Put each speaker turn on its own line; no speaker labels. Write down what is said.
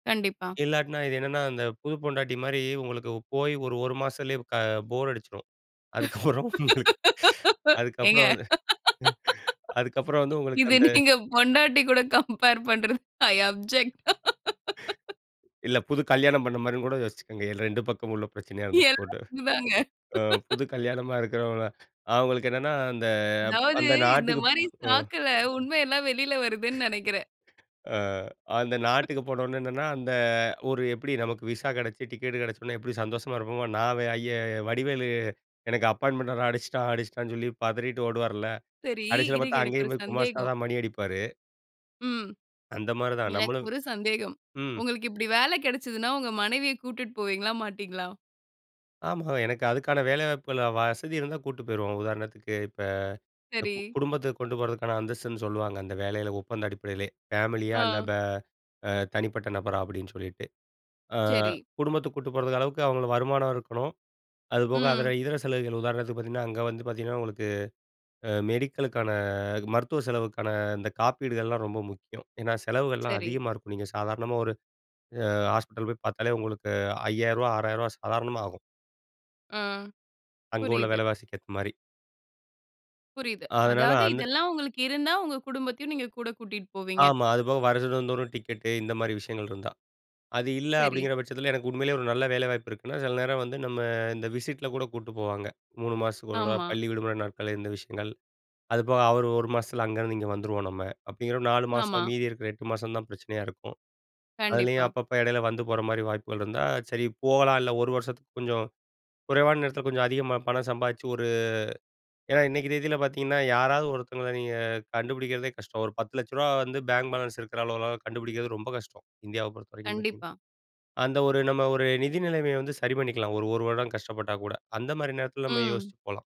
கண்டிப்பா.
இல்லாட்னா இது என்னன்னா, அந்த புது பொண்டாட்டிமாரி உங்களுக்கு போயி ஒரு, ஒரு மாசத்துலே க போர் அடிச்சிரும். அதுக்கப்புறம் உங்களுக்
ஏங்க
அதுக்கப்புறம் வந் அதுக்கப்புறம் வந்து உங்களுக்கு
இது
அந்த,
நீங்க பொண்டாட்டி கூட கம்பேர் பண்றது, ஐ அப்ஜெக்ட்
இல்ல, புது கல்யாணம் பண்ண மாரியும்கூட யோசிச்சிக்கங்க. எ 2 பக்கமும் உள்ள பிரச்சனையா இருந்துட்டு போட்டும்.
எல்லாருக்கும் இதாங்க
அ, புது கல்யாணமா இருக்கிறவங்கள அவுங்களுக்கென்னன்னா அந்த
அதாவது
அந்த
இந்த
நாட்டுக்குப்
மாரி
ம்.
சாக்குல, உண்ம எல்லாம் வெளில வருதுனு நெனைக்கிறேன்.
அ, அந்த நாட்டுக்கு போனவுடனே என்னன்னா, அந்த ஒரு எப்பிடி, நமக்கு விசா கெடைச்சி, டிக்கெட் கிடைச்சவுடனே எப்பிடி சந்தோஷமா இருப்போமோ! நான் வே ஐயா வடிவேலு எனக்கு அப்பாயின்ட்மென்ட் ர அடிச்சிட்டான், அடிச்சிட்டான்னு சொல்லி பதறிட்டு ஓடுவார்ல,
சரி
கடைசில
இருங்க,
பாத்தா
எனக்கு ஒரு
அங்கேயும் போய் குமாஸ்தா
சந்தேகம்.
தான் மணி அடிப்பாரு.
ம்,
அந்த மாரி தான், நம்மளும்
எனக்கொரு சந்தேகம்.
ம்.
உங்களுக்கு இப்பிடி வேல கெடச்சுதுன்னா, உங்க மனைவிய கூட்டிட்டு போவீங்களா, மாட்டீங்களா?
ஆமா எனக்கு அதுக்கான வேலைவாய்ப்புகள் அ, வசதி இருந்தா கூட்டிட்டு போயிருவோம். உதாரணத்துக்கு இப்ப
சரி.
குடும்பத்த கொண்டு போறதுக்கான அந்தஸ்துன்னு சொல்லுவாங்க, அந்த வேலையில ஒப்பந்த அடிப்படையிலே! ஃபேமிலியா இல்ல,
ஆ.
பே அ, தனிப்பட்ட நபரா அப்பிடின்னு சொல்லிட்டு. அ,
சரி.
குடும்பத்துக்கு கூட்டிட்டு போறதுக்கு அளவுக்கு அவுங்களுக்கு வருமானம் இருக்கணும். அதுபோக அதுல
ம்.
இதர செலவுகள், உதாரணத்துக்கு பாத்தீங்கன்னா, அங்க வந்து பாத்தீங்கன்னா உங்களுக்கு அ, மெடிக்கலுக்கான, அ மருத்துவ செலவுக்கான இந்த காப்பீடுகள்லாம் ரொம்ப முக்கியம், ஏன்னா செலவுகள்லாம்
சரி.
அதிகமா இருக்கும். நீங்க சாதாரணமா ஒரு அ, ஹாஸ்பிட்டல் போய் பாத்தாலே உங்களுக்கு ரூ.5,000 ரூ.6,000 சாதாரணமா ஆகும்.
ஆ,
அங்க உள்ள
புரியுது.
விலைவாசிக்கு ஏத்த மாரி.
புரியுது.
அதனால
அதாவது
அந்த
இதெல்லாம் உங்களுக்கு இருந்தா, உங்க குடும்பத்தையும் நீங்க கூட கூட்டிட்டு போவீங்க.
ஆமா. அதுபோக வருடந்தோறும் டிக்கெட்டு, இந்தமாரி விஷயங்கள் இருந்தா! அது இல்ல
சரி.
அப்பிடிங்கிற பட்சத்தில எனக்கு உண்மயிலே ஒரு நல்ல வேலைவாய்ப்பு இருக்குன்னா, சில நேரம் வந்து நம்ம இந்த விசிட்ல கூட கூட்டு போவாங்க. 3 மாசத்துக்கு ஒரு தடவை
ஆமா.
பள்ளி விடுமுறை நாட்கள்ல இந்த விஷயங்கள். அதுபோக அவரு ஒரு மாசத்துல அங்கருந்து இங்க வந்துருவோம் நம்ம. அப்பிடிங்கிற ஒரு 4
ஆமா.
மாசம், மீதி இருக்கிற 8 மாசம் தான் பிரச்சனையா இருக்கும். அதுலயும்
கண்டிப்பா.
அப்பப்ப இடையில வந்து போற மாரி வாய்ப்புகள் இருந்தா சரி போகலாம், இல்ல ஒரு வருஷத்துக்கு கொஞ்சம் குறைவான நேரத்துல கொஞ்சம் அதிகமா பணம் சம்பாதிச்சு ஒரு, ஏன்னா இன்னிக்கு தேதில பாத்தீங்கன்னா, யாராவது ஒருத்தங்கள நீங்க கண்டுபிடிக்கிறதே கஷ்டம், ஒரு ரூ.1000000 வந்து பேங்க் பேலன்ஸ் இருக்குற அளவுலாம் கண்டுபிடிக்கிறது ரொம்ப கஷ்டம். இந்தியாவ பொறுத்தவரைக்கும் பாத்தீங்கன்னா.
கண்டிப்பா.
அந்த ஒரு நம்ம ஒரு நிதி நிலமைய வந்து சரி பண்ணிக்கலாம், ஒரு, ஒரு வருடம் கஷ்டப்பட்டா கூட அந்தமாரி நேரத்துல நம்ம
ம்.
யோசிச்சு போலாம்.